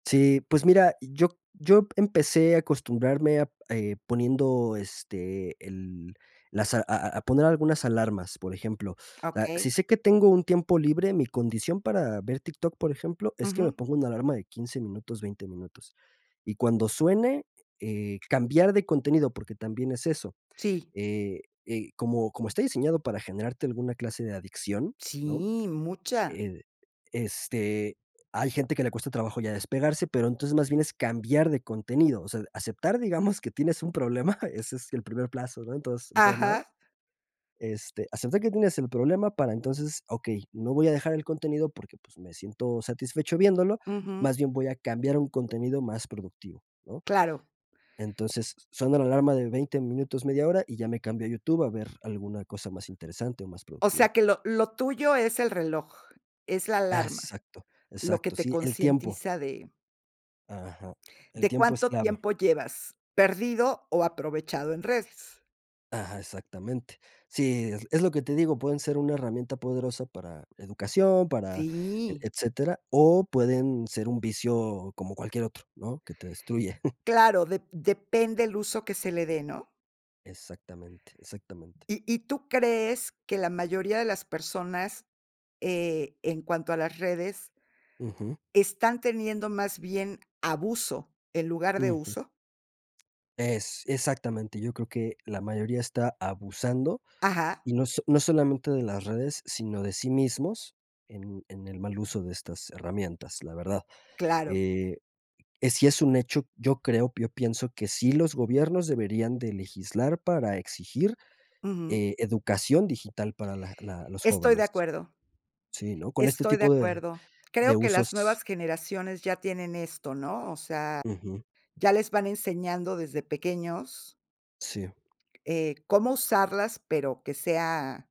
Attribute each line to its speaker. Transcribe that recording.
Speaker 1: Sí. Pues mira, yo c yo p empecé a acostumbrarme a p eh, poniendo, este, el las a a a a poner algunas alarmas, por ejemplo, ah, si
Speaker 2: Okey.
Speaker 1: sé que tengo un tiempo libre, mi condición para ver TikTok, por ejemplo, es que me
Speaker 2: Ujú.
Speaker 1: ponga una alarma de 15 minutos, 20 minutos, y cuando suene, eh eh, cambiar de contenido, porque también es eso,
Speaker 2: Sí.
Speaker 1: eh, eh, como como está diseñado para generarte alguna clase de adicción, ¿no?
Speaker 2: Sí, mucha.
Speaker 1: El este, hay gente que le cuesta trabajo ya despegarse, pero entonces, más bien es cambiar de contenido, o sea, aceptar, digamos, que tienes un problema, ese es el primer plazo, ¿no?, en tos en todo lados
Speaker 2: Ajá.
Speaker 1: este, aceptar que tienes el problema para entonces, okey, no voy a dejar el contenido porque, pues, me siento satisfecho viéndolo,
Speaker 2: Ujú.
Speaker 1: más bien voy a cambiar un contenido más productivo, ¿no?
Speaker 2: Claro.
Speaker 1: Entonces, suena la alarma de 20 minutos, media hora, y ya me cambio a YouTube a ver alguna cosa más interesante o más
Speaker 2: O sea,
Speaker 1: productiva.
Speaker 2: que lo lo tuyo es el reloj, es la alarma,
Speaker 1: Exacto,
Speaker 2: lo que
Speaker 1: exacto,
Speaker 2: te
Speaker 1: sí, el tiempo.
Speaker 2: concientiza de
Speaker 1: Ajá, el
Speaker 2: de
Speaker 1: tiempo es
Speaker 2: cuánto
Speaker 1: clave.
Speaker 2: tiempo llevas perdido o aprovechado en redes.
Speaker 1: Ajá, exactamente. Sí, es es lo que te digo, pueden ser una herramienta poderosa para educación, para e
Speaker 2: Sí.
Speaker 1: etcétera, o pueden ser un vicio como cualquier otro, ¿no?, que te destruye.
Speaker 2: Claro, dep depende el uso que se le dé, ¿no?
Speaker 1: Exactamente, exactamente.
Speaker 2: ¿Y y tú crees que la mayoría de las personas, eh, en cuanto a las redes?
Speaker 1: Ujú.
Speaker 2: ¿están teniendo más bien abuso, en lugar de
Speaker 1: Ujú.
Speaker 2: uso?
Speaker 1: Ex exactamente, yo creo que la mayoría está abusando,
Speaker 2: Ajá.
Speaker 1: y no s no solamente de las redes, sino de sí mismos, en en el mal uso de estas herramientas, la verdad,
Speaker 2: Claro.
Speaker 1: eh, eh, sí es un hecho, yo creo yo pienso que sí los gobiernos deberían de legislar para exigir,
Speaker 2: Ujú.
Speaker 1: eh, educación digital para la la los
Speaker 2: Estoy de
Speaker 1: jóvenes.
Speaker 2: acuerdo.
Speaker 1: Sí, ¿no?, con este
Speaker 2: Estoy de
Speaker 1: tipo de
Speaker 2: acuerdo. Creo
Speaker 1: de
Speaker 2: que las
Speaker 1: usos.
Speaker 2: nuevas generaciones ya tienen esto, ¿no?, o sea,
Speaker 1: Ujú.
Speaker 2: ya les van enseñando desde pequeños
Speaker 1: Sí.
Speaker 2: eh, cómo usarlas, pero que sea